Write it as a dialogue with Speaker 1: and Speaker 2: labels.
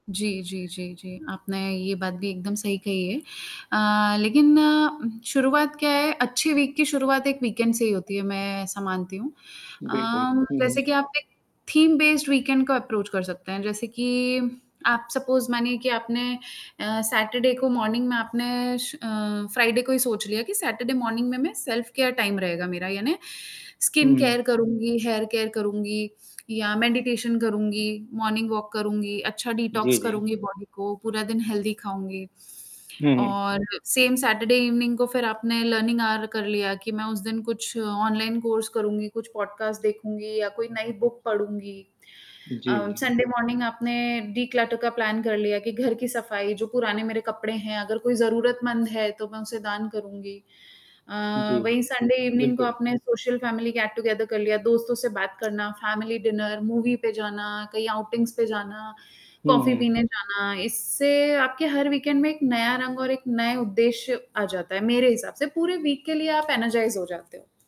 Speaker 1: जी, जी, जी, जी, आपने ये बात भी एकदम सही कही है अ, लेकिन उम, शुरुआत क्या है, अच्छी वीक की शुरुआत एक वीकेंड से ही होती है, मैं ऐसा मानती हूँ। अ,
Speaker 2: बिल्कुल, हुँ, हुँ।
Speaker 1: जैसे कि आप एक थीम बेस्ड वीकेंड को अप्रोच कर सकते हैं, जैसे कि आप सपोज मानिए कि आपने अ, सैटरडे को मॉर्निंग में आपने श अ, फ्राइडे को ही सोच लिया कि सैटरडे मॉर्निंग में मैं सेल्फ केयर टाइम रहेगा मेरा, यानी
Speaker 2: हुँ,
Speaker 1: स्किन
Speaker 2: हुँ।
Speaker 1: केयर करूँगी, हेयर केयर करूँगी या मेडिटेशन करूँगी, मॉर्निंग वॉक करूँगी, अच्छा
Speaker 2: जी,
Speaker 1: डिटॉक्स
Speaker 2: जी।
Speaker 1: करूँगी बॉडी को, पूरा दिन हेल्थी खाऊँगी।
Speaker 2: हुँ, हुँ।
Speaker 1: और सेम सैटरडे इवनिंग को फिर आपने लर्निंग आवर कर लिया, कि मैं उस दिन कुछ ऑनलाइन कोर्स करूँगी, कुछ पॉडकास्ट देखूँगी या कोई नई बुक पढ़ूँगी।
Speaker 2: जी,
Speaker 1: अ,
Speaker 2: जी।
Speaker 1: संडे मॉर्निंग आपने डिक्लटर का प्लान कर लिया, कि घर की सफाई जो पुराने मेरे कपड़े हैं अगर कोई ज़रूरतमंद है, तो मैं उसे दान करूँगी। अ,
Speaker 2: जी, जी,
Speaker 1: वही संडे इवनिंग को
Speaker 2: बिल्कुल।
Speaker 1: आपने सोशल फैमिली गेट-टुगेदर कर लिया, दोस्तों से बात करना, फैमिली डिनर, मूवी पे जाना, कहीं आउटिंग्स पे जाना,
Speaker 2: हुँ,
Speaker 1: कॉफी
Speaker 2: हुँ।
Speaker 1: पीने जाना, इससे आपके हर वीकेंड में एक नया रंग और एक नए उद्देश्य आ जाता है, मेरे हिसाब से पूरे वीक के लिए आप एनर्जाइज हो जाते हो।